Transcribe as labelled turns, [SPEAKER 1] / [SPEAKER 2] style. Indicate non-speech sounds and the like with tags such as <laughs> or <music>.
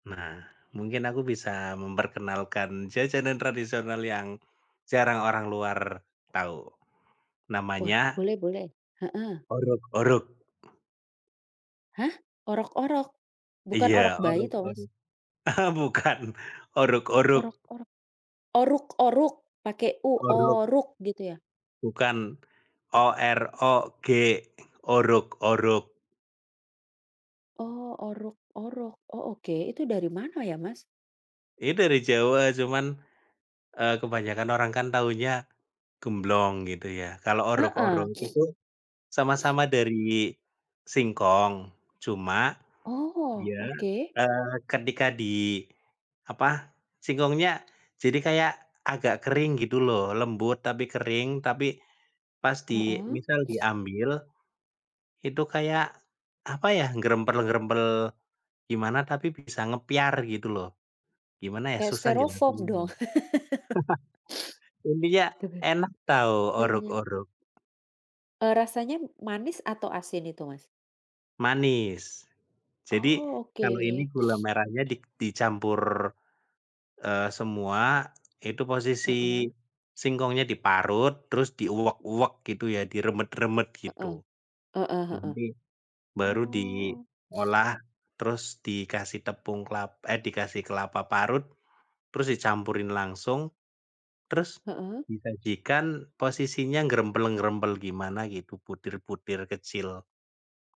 [SPEAKER 1] Nah, mungkin aku bisa memperkenalkan jajanan tradisional yang, jarang orang luar, tahu,
[SPEAKER 2] Wah
[SPEAKER 1] namanya
[SPEAKER 2] boleh boleh, heeh.
[SPEAKER 1] orog-orog.
[SPEAKER 2] Hah? Orok-orok? Bukan
[SPEAKER 1] Iya,
[SPEAKER 2] orok bayi toh Mas?
[SPEAKER 1] orog-orog, <chuckles> bukan orog-orog.
[SPEAKER 2] Orok-orok, oruk-oruk? Pakai U
[SPEAKER 1] Orog.
[SPEAKER 2] oruk gitu ya?
[SPEAKER 1] Bukan, O-R-O-G, orog-orog.
[SPEAKER 2] Oh orog-orog, oh oke itu dari mana ya Mas?
[SPEAKER 1] Itu dari Jawa cuman, eee, kebanyakan orang kan taunya, gemblong gitu ya kalau
[SPEAKER 2] Heeh.
[SPEAKER 1] orog-orog
[SPEAKER 2] <sniffs>
[SPEAKER 1] itu,
[SPEAKER 2] <sniffs>
[SPEAKER 1] sama-sama dari singkong, cuma,
[SPEAKER 2] Oh,
[SPEAKER 1] dia,
[SPEAKER 2] oke.
[SPEAKER 1] eee, ketika diapa singkongnya jadi kayak agak kering gitu loh lembut tapi kering, tapi pas di
[SPEAKER 2] Heeh.
[SPEAKER 1] misal
[SPEAKER 2] <sniffs>
[SPEAKER 1] diambil, itu kayak apa ya gerempel-gerempel, gimana tapi bisa ngepyar gitu loh, gimana ya
[SPEAKER 2] Kayak
[SPEAKER 1] susah
[SPEAKER 2] styrofoam
[SPEAKER 1] jelasinnya.
[SPEAKER 2] dong.
[SPEAKER 1] <chuckles> Intinya
[SPEAKER 2] <laughs>
[SPEAKER 1] enak tau,
[SPEAKER 2] <sniffs> <unintelligible>
[SPEAKER 1] orog-orog.
[SPEAKER 2] Eee, rasanya manis atau asin itu Mas?
[SPEAKER 1] Manis, jadi
[SPEAKER 2] Oh
[SPEAKER 1] kalau ini
[SPEAKER 2] oke.
[SPEAKER 1] gula
[SPEAKER 2] <sniffs>
[SPEAKER 1] merahnya di dicampur, eee, semua itu posisi,
[SPEAKER 2] Heeh.
[SPEAKER 1] singkongnya diparut terus diuwek-uwek gitu ya diremet-remet
[SPEAKER 2] Heeh,
[SPEAKER 1] gitu,
[SPEAKER 2] heeh heeh,
[SPEAKER 1] nanti, baru
[SPEAKER 2] oh. <sniffs>
[SPEAKER 1] diolah terus dikasih tepung kelap eh, dikasih kelapa parut, terus dicampurin langsung, terus
[SPEAKER 2] Heeh.
[SPEAKER 1] disajikan posisinya nggerempel-nggerempel gimana gitu butir-butir kecil.